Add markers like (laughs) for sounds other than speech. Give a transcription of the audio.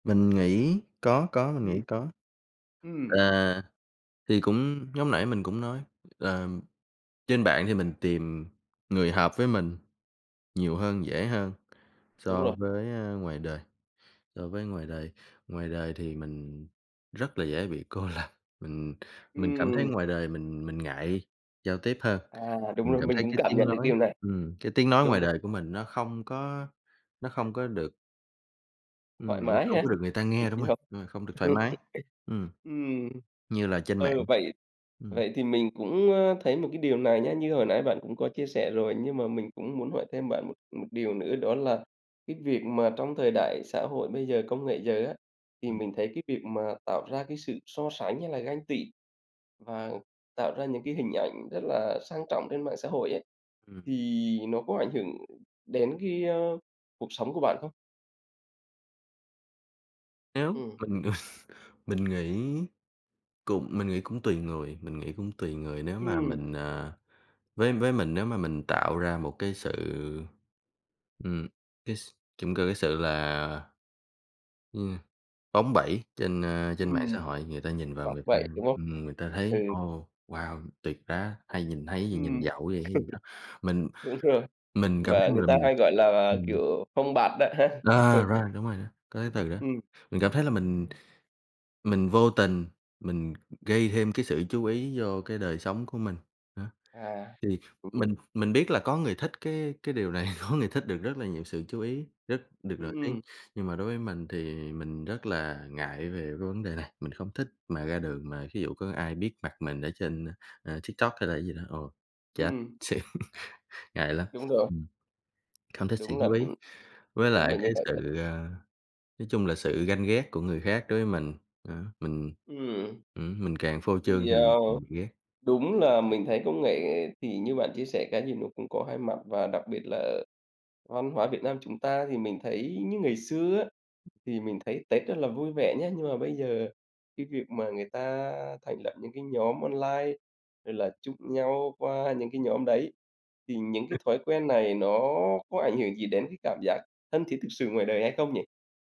Mình nghĩ có, có, mình Ừm. nghĩ có. Ừm. À. Thì cũng giống nãy mình cũng nói, làm trên mạng thì mình tìm người hợp với mình nhiều hơn, dễ hơn Đúng so rồi. với ờ ngoài đời so với, ơ, ngoài đời, so với ngoài đời. Ngoài đời thì mình rất là dễ bị cô lập, mình mình cảm thấy Ừm. ngoài đời mình mình ngại giao tiếp hơn, À, đúng, mình đúng. cảm Mình thấy cũng cái cảm tiếng nhận được nói điều này. ừm, cái tiếng nói Đúng ngoài rồi. đời của mình nó không có nó không có được ừm, Thoải nó mái không ha, có được người ta được nghe, đúng đi rồi, học. ờ, không được thoải (laughs) mái ừm, Ừm. như là trên mạng, Ừ, vậy ừm. vậy thì mình cũng, ờ, thấy một cái điều này nhá, như hồi nãy bạn cũng có chia sẻ rồi, nhưng mà mình cũng muốn hỏi thêm bạn một một điều nữa, đó là cái việc mà trong thời đại xã hội bây giờ, công nghệ giờ á, thì Ừm. mình thấy cái việc mà tạo ra cái sự so sánh hay là ganh tị, và tạo ra những cái hình ảnh rất là sang trọng trên mạng xã hội ấy, Ừm. thì nó có ảnh hưởng đến cái, ơ, cuộc sống của bạn không? Nếu Ừm. mình (laughs) mình nghĩ cũng mình nghĩ cũng tùy người mình nghĩ cũng tùy người nếu mà Ừm. mình, à với với mình nếu mà mình tạo ra một cái sự, ừm, cái s trông cơ cái sự là yeah, bóng bẩy trên, ờ, trên mạng Ừm. xã hội, người ta nhìn vào Bóng người ta, bẩy, đúng hông? ừm, người ta thấy: Ừ. "Ồ, wow! tuyệt đá" hay nhìn thấy gì, nhìn Ừm. giàu quá vậy hay gì đó. Mình (laughs) Đúng rồi, mình cảm và thấy người mình là ta mình hay gọi là, ừm. kiểu, phông bạt đó ha. À, Ừm. rồi, đúng rồi đó, có cái từ đó. Ừm. Ừm. Mình cảm thấy là mình mình vô tình mình gây thêm cái sự chú ý vô cái đời sống của mình. Đó, À, thì mình hiểu. mình mình biết là có người thích cái cái điều này, có người thích được rất là nhiều sự chú ý, rất được nổi tiếng. Ừm. Nhưng mà đối với mình thì mình rất là ngại về cái vấn đề này, mình không thích mà ra đường mà thí dụ có ai biết mặt mình ở trên, à, à, TikTok hay là cái gì đó, ồ, chết Ừm. (unintelligible) Ngại lắm. Đúng rồi. Ừm. Không thích sự Đúng là chú ý, ừm, với đúng lại là như cái vậy đấy. sự, ờ, nói chung là sự ganh ghét của người khác đối với mình, đó, mình Ừm. ừm, mình càng phô trương Thì, thì mình ờ, mình bị ghét. đúng là mình thấy công nghệ thì như bạn chia sẻ cái gì nó cũng có hai mặt, và đặc biệt là văn hóa Việt Nam chúng ta thì mình thấy như ngày xưa á, thì mình thấy Tết rất là vui vẻ nhá. Nhưng mà bây giờ cái việc mà người ta thành lập những cái nhóm online, rồi là chúc nhau qua những cái nhóm đấy, thì những cái thói quen này nó có ảnh hưởng gì đến cái cảm giác thân thiết thực sự ngoài đời hay không nhỉ?